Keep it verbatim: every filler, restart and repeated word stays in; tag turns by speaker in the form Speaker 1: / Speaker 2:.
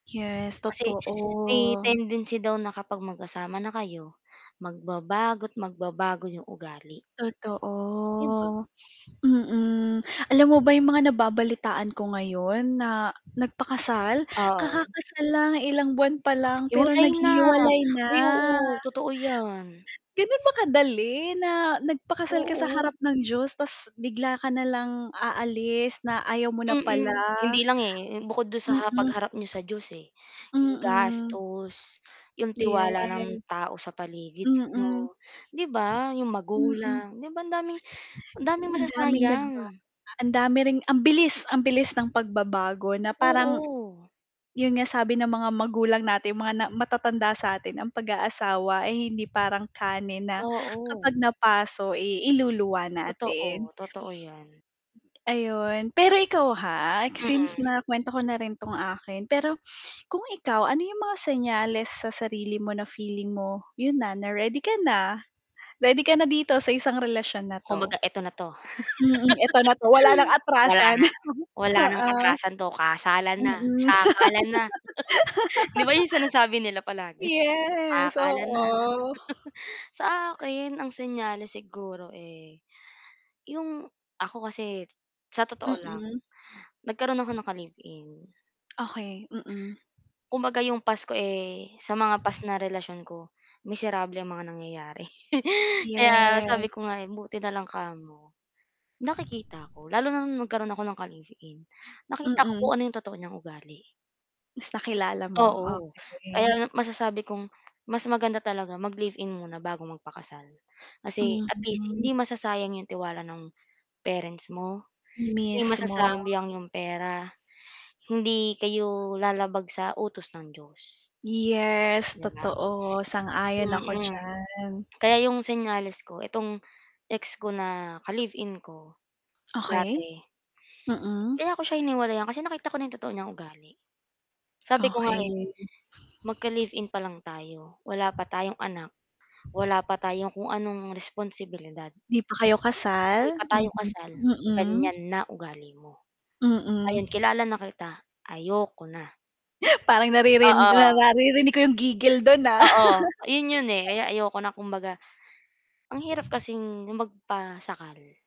Speaker 1: Yes,
Speaker 2: Kasi, may
Speaker 1: totoo.
Speaker 2: tendency daw na kapag magkasama na kayo, magbabago't magbabago yung ugali.
Speaker 1: Totoo.
Speaker 2: Di ba?
Speaker 1: Mm, alam mo ba yung mga nababalitaan ko ngayon na, nagpakasal.
Speaker 2: Oo.
Speaker 1: Kakakasal lang, ilang buwan pa lang, pero
Speaker 2: Hiwalay na.
Speaker 1: naghihiwalay na.
Speaker 2: Uy, oo, totoo yan.
Speaker 1: Gano'n ba kadali, na nagpakasal ka sa harap
Speaker 2: Oo.
Speaker 1: ng Diyos, 'tas bigla ka na lang aalis, na ayaw mo na pala.
Speaker 2: Mm. Hindi lang, eh, hmm, bukod do'n sa ha
Speaker 1: Mm.
Speaker 2: pagharap niyo sa Diyos, eh. Yung
Speaker 1: Mm.
Speaker 2: gastos, yung
Speaker 1: Yes.
Speaker 2: tiwala ng tao sa paligid
Speaker 1: Mm.
Speaker 2: niyo, 'di ba? Yung
Speaker 1: Mm.
Speaker 2: magulang, 'di ba, ang daming ang daming
Speaker 1: Ang daming nagbago,
Speaker 2: masasayang.
Speaker 1: a ang dami ring ang bilis, ang bilis ng pagbabago na parang,'yon
Speaker 2: Oo.
Speaker 1: nga, sabi ng mga magulang natin, mga na matatanda sa'tin, "Ang pag-aasawa ay hindi parang kanin, na
Speaker 2: Oo.
Speaker 1: kapag napaso, eh, iluluwa natin."
Speaker 2: Totoo, totoo yan.
Speaker 1: Ayun. Pero ikaw, ha, since,
Speaker 2: Mm.
Speaker 1: na-kuwento ko na rin 'tong akin. Pero, kung ikaw, ano yung mga senyales sa sarili mo na feeling mo, 'yon na, na ready ka na, ready ka na dito sa isang relasyon na 'to.
Speaker 2: Kumbaga, "Eto na 'to,
Speaker 1: Mm, "Eto na 'to, wala ng
Speaker 2: wala
Speaker 1: atrasan."
Speaker 2: na, wala ng
Speaker 1: Oo,
Speaker 2: atrasan 'to, kasalan na,
Speaker 1: mm,
Speaker 2: sakalan na". 'Di ba, yung sinasabi nila palagi,
Speaker 1: yes,
Speaker 2: "Sakalan na".
Speaker 1: oo.
Speaker 2: Sa akin, ang senyales siguro, eh, yung ako kasi, sa totoo lang,
Speaker 1: Mm.
Speaker 2: nagkaroon ako ng ka-live-in.
Speaker 1: Okey, mm.
Speaker 2: Kumbaga yung past ko, eh, sa mga past na relasyon ko, miserable ang mga nangyayari, kaya,
Speaker 1: Yes.
Speaker 2: sabi ko nga, eh, buti na lang kamo nakikita ko. Lalo na no'ng nagkaroon ako ng ka-live-in, nakita ko
Speaker 1: Mm.
Speaker 2: kung ano yung totoo niyang ugali.
Speaker 1: Mas nakilala mo,
Speaker 2: Oo.
Speaker 1: okey.
Speaker 2: Kaya, masasabi kong, mas maganda talaga mag-live-in muna bago magpakasal. Kasi, at least,
Speaker 1: Mhm.
Speaker 2: hindi masasayang yung tiwala no'ng parents mo, 'di
Speaker 1: Mismo.
Speaker 2: masasamyang yung pera, hindi kayo, lalabag sa utos ng Diyos.
Speaker 1: Yes,
Speaker 2: 'Di ba?
Speaker 1: totoo, sang-ayon ako
Speaker 2: Mm.
Speaker 1: diyan.
Speaker 2: Kaya yung senyales ko, itong ex ko na, ka-live-in ko,
Speaker 1: Okey.
Speaker 2: dati
Speaker 1: Mm.
Speaker 2: kaya ko siya hiniwalayan, kasi, nakita ko na yung totoo niyang ugali. Sabi ko nga, eh,
Speaker 1: Okey.
Speaker 2: "Magka-live-in pa lang tayo, wala pa tayong anak, wala pa tayong kung anong responsibilidad"
Speaker 1: 'Di pa kayo kasal?
Speaker 2: hindi pa tayo kasal,
Speaker 1: Mhm, mm.
Speaker 2: ganyan na ugali mo.
Speaker 1: Mm.
Speaker 2: Ngayon kilala na kita, ayoko na.
Speaker 1: Parang naririn
Speaker 2: Oo.
Speaker 1: nara ririnig ko yung gigil do'n, ah.
Speaker 2: Oo, ayun 'yon, eh. Kaya ayoko na kumbaga, ang hirap kasing magpasakal.